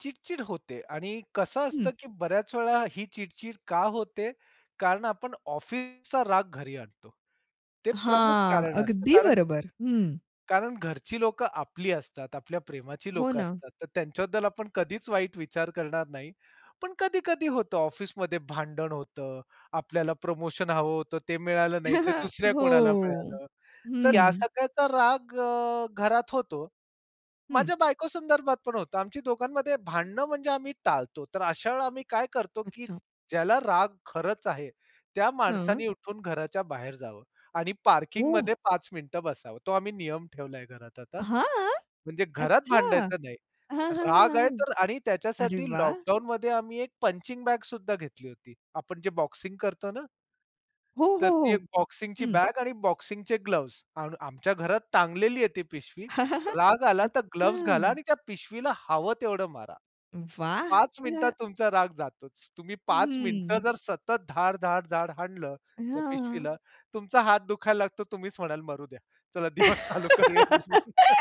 चिड-चिड होते. आणि कसं हं. असतं की बऱ्याच वेळा ही चिड-चिड का होते? कारण आपण ऑफिसचा राग घरी आणतो. ते प्रमुख हां. कारण असतं अगदी कारण बरोबर. हं. कारण घरची लोकं आपली असतात, आपल्या प्रेमाची हो लोक ना. असतात, तर त्यांच्याबद्दल आपण कधीच वाईट विचार करणार नाही. पण कधी-कधी होतं ऑफिसमध्ये भांडण होतं. आपल्याला प्रमोशन हवं होतं, ते मिळालं नाही ते दुसऱ्या कोणाला हो. मिळालं. तर या हं. सगळ्याचा राग अ, घरात होतो. हं. माझ्या बायको संदर्भात पण होतं आमची दोघांमध्ये भांडणं म्हणजे आम्ही टाळतो. तर अशा वेळेला आम्ही काय करतो, की अच्छा. ज्याला राग खरंच आहे, त्या हां. माणसाने उठून घराच्या बाहेर जावं आणि ओ! पार्किंगमध्ये 5 मिनिटं बसावं. तो आम्ही नियम ठेवलाय घरात आता, हां. म्हणजे घरात अच्छा. हां, भांडायचं नाही. हां, हां, राग आहे हां. तर आणि अरे त्याच्यासाठी वाह! लॉकडाउनमध्ये आम्ही एक पंचिंग बॅग सुद्धा घेतली होती. आपण जे बॉक्सिंग करतो ना हो, हो, तर ती हो. एक बॉक्सिंगची हं. बॅग आणि बॉक्सिंगचे ग्लोव्ह्ज आणि आम आमच्या घरात टांगलेली आहे ती पिशवी, राग आला तर ग्लोव्ह्ज घाला अच्छा. आणि त्या पिशवीला हवं तेवढं मारा. वाह! 5 मिनिटात [unintelligible] तुमचा राग जातोच. तुम्ही 5 मिनिटं हम्म. जर सतत धाड, धाड, धाड, हाणलं हां, त्या हां. पिशवीला तुमचा हात दुखायला लागतो तुम्हीच म्हणाल, "मरू द्या, चला दिवस चालू करूया, म्हणून"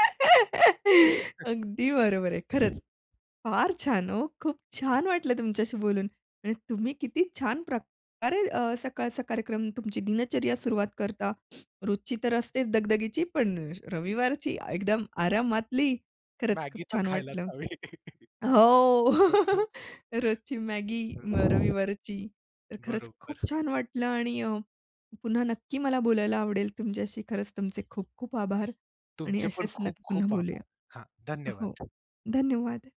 अगदी बरोबर आहे. खरंच. फार छान ओ, खूप छान वाटलं तुमच्याशी बोलून. आणि तुम्ही किती छान प्रकारे अ, सकाळचा कार्यक्रम तुमची दिनचर्या सुरुवात करता, रोजची तर असतेच दगदगीची पण रविवारची एकदम आरामातली. खरंच खूप मॅगी तर छान खायलाच वाटलं. हवी. अ, हो. हो, रोजची मॅगी मग हो. [unintelligible] रविवारची. तर खरंच खूप बरोबर. छान वाटलं आणि अ, पुन्हा नक्की मला बोलायला आवडेल तुमच्याशी खरंच तुमचे खूप खूप आभार आणि तुमचे पण असेच न खूप पुन्हा खूप बोलूया. आभार. हां. हो. धन्यवाद. धन्यवाद!